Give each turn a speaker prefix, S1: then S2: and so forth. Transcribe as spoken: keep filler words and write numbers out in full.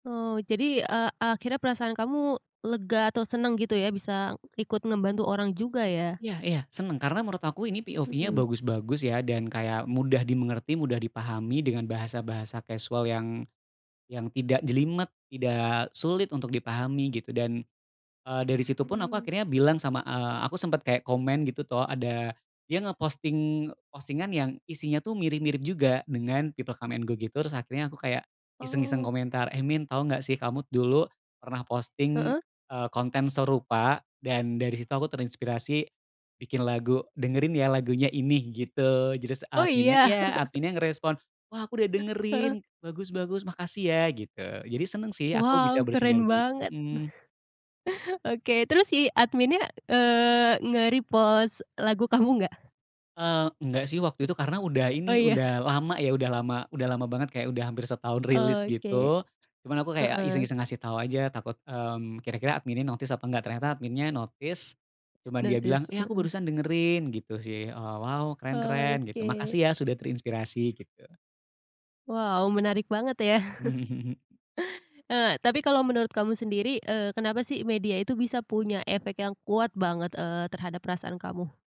S1: Oh, jadi, eee, akhirnya perasaan kamu lega atau seneng gitu ya bisa ikut ngebantu orang juga, ya?
S2: Iya iya, seneng. Karena menurut aku ini POV-nya
S1: Mhm.
S2: bagus-bagus, ya. Dan kayak mudah dimengerti, mudah dipahami dengan bahasa-bahasa kasual yang yang tidak jelimet, tidak sulit untuk dipahami, gitu. Dan, eee, dari situ pun aku
S1: Hmm.
S2: akhirnya bilang sama, eee, aku sempet kayak komen gitu tuh, ada dia nge-posting postingan yang isinya tuh mirip-mirip juga dengan people come and go gitu, terus akhirnya aku kayak iseng-iseng
S1: Oh.
S2: komentar, "Eh, Min, tau nggak sih kamu dulu pernah posting,
S1: Heeh.
S2: eee, konten serupa dan dari situ aku terinspirasi bikin lagu, dengerin ya lagunya ini," gitu. Terus
S1: Oh,
S2: adminnya
S1: iya.
S2: iya, adminnya ngerespon, "Wah, aku udah
S1: Heeh.
S2: dengerin, bagus bagus. Makasih ya," gitu. Jadi seneng sih aku
S1: Wow,
S2: bisa
S1: keren
S2: bersinerji.
S1: banget.
S2: Mhm.
S1: Oke. Terus si adminnya, eee, nge-repost lagu kamu nggak?
S2: Eee, enggak sih waktu itu karena udah
S1: Oh,
S2: ini,
S1: ya.
S2: udah lama ya, udah lama udah lama banget, kayak udah hampir setahun rilis
S1: Oke.
S2: gitu, cuman aku kayak
S1: Heeh.
S2: iseng-iseng ngasih tau aja, takut, mmm, kira-kira adminnya notice apa enggak. Ternyata adminnya notice, cuman dia bilang,
S1: Notice.
S2: "Eh, aku
S1: Heeh.
S2: barusan dengerin, gitu sih. Oh, wow, keren keren," gitu.
S1: Oke.
S2: "Makasih ya, sudah terinspirasi," gitu.
S1: Wow, menarik banget, ya.
S2: Mmm, mhm.
S1: Eee, tapi kalau menurut kamu sendiri, eee, kenapa sih media itu bisa punya efek yang kuat banget, eee, terhadap perasaan kamu?